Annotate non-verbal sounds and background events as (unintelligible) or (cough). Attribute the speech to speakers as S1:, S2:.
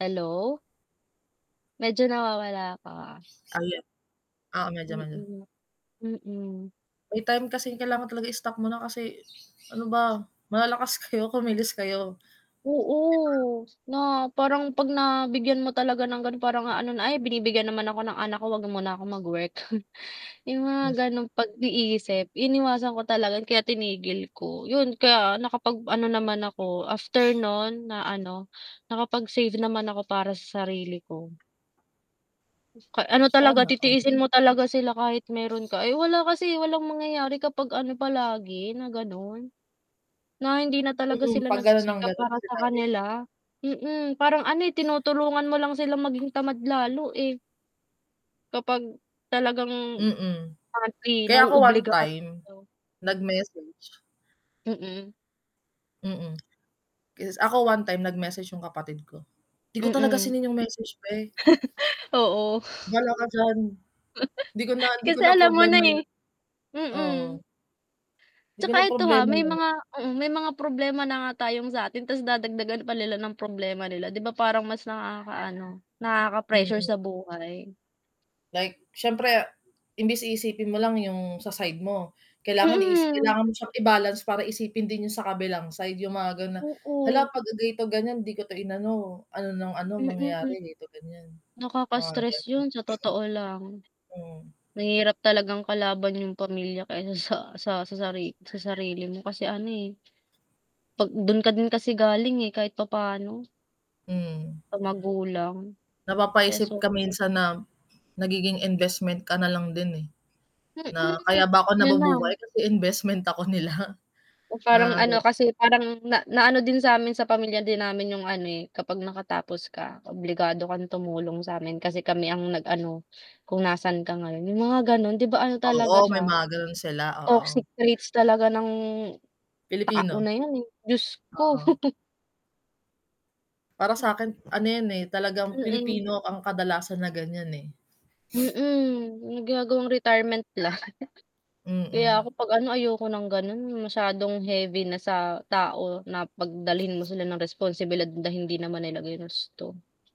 S1: Hello? Medyo nawawala ka.
S2: Ayan. Oo medyo, medyo.
S1: Mm. Mm.
S2: May time kasi kailangan talaga stock mo na, kasi, "Ano ba, malalakas kayo, kumilos kayo." 'Di ba?
S1: Oo, na parang 'pag nabigyan mo talaga ng ganon, parang aano na, "Ay binibigyan naman ako ng anak ko, huwag muna ako mag-work." (scoffs) Yung mga
S2: Hmm.
S1: ganong pag-iisip, iniwasan ko talaga kaya tinigil ko, 'yun kaya nakapag-ano naman ako after no'n na ano, nakapag-save naman ako para sa sarili ko. Sus ka ano talaga
S2: Sana all.
S1: titiisin mo talaga sila kahit meron ka, eh, wala kasi, walang mangyayari kapag, ano palagi, na ganun, na hindi na talaga
S2: Mm,
S1: sila
S2: 'pag ganun ng
S1: nagsisikap
S2: ganun
S1: para
S2: ang
S1: sa
S2: sinabi.
S1: kanila. Mm, parang, ano, eh, tinutulungan mo lang silang maging tamad lalo, eh. Kapag, talagang,
S2: Mm,
S1: (unintelligible)
S2: kaya ako one
S1: na-obliga ka
S2: time,
S1: 'no?
S2: nagmessage.
S1: Mm.
S2: Mm. (smacks lips) Yes, ako one time nag-message yung kapatid ko, hindi ko talaga
S1: Mm.
S2: sineen yung message, beh.
S1: (chuckles) Oo.
S2: Ba'la ka diyan. 'Di ko na
S1: (chuckles)
S2: hindi ko
S1: Kasi
S2: na
S1: alam mo na,
S2: problema yun.
S1: eh.
S2: Oo.
S1: Mm.
S2: 'Di ko
S1: 'Tsaka
S2: na
S1: ito, ha,
S2: problema
S1: may
S2: yan.
S1: mga mm, may mga problema na nga tayong sa'tin ta's dadagdagan pa nila ng problema nila 'di ba parang mas nakakaano, nakaka-pressure sa
S2: Mm.
S1: buhay.
S2: Like siyempre, imbis iisipin mo lang yung sa side mo, kailangan iis
S1: Mm.
S2: kailangan mo siyang i-balance para isipin din yung sa kabilang side yung mga ganun na,
S1: Oo.
S2: "Hala 'pagka ganito ganiyan, di ko 'to inano, ano ng ano,
S1: Mm, mm.
S2: mangyayari ganito ganiyan." Mga
S1: Nakaka-stress
S2: ganun.
S1: yun, sa
S2: (hiccups)
S1: totoo lang.
S2: Mm.
S1: Mahirap talagang kalaban yung pamilya kaysa sa sa sari sa sarili mo kasi ano, eh 'pag dun ka din kasi galing, eh, kahit papaano.
S2: Mm.
S1: Sa magulang.
S2: Napapaisip
S1: Peso
S2: ka minsan na nagiging investment ka nalang din, eh, na,
S1: Mm,
S2: "Kaya ba ako
S1: yun lang.
S2: nabubuhay kasi investment ako nila."
S1: O parang
S2: Mga
S1: ano
S2: ganun.
S1: kasi, parang na naano din samin sa pamilya din namin 'yung, ano, eh, "Kapag nakatapos ka, obligado kang tumulong samin kasi kami ang nag-ano, kung nasaan ka ngayon," yung mga, ganon, 'di ba, ano,
S2: Oo,
S1: talaga
S2: may
S1: siya,
S2: mga ganun sila, oo.
S1: toxic traits talaga ng tao
S2: Pilipino.
S1: na yun, Diyos ko.
S2: Oo.
S1: (chuckles)
S2: Para
S1: Hmm.
S2: sa'kin ano yan, eh, talagang
S1: Mm.
S2: Pilipino ang kadalasan na ganiyan, eh. (sniffs)
S1: Mm, 'yung ginagawang retirement plan. (chuckles) Kaya
S2: Mm.
S1: ako 'pag, ano, ayoko ng ganun 'yung masyadong heavy na sa tao, na pagdalhin mo sila ng responsibilidad na hindi naman nila ginusto.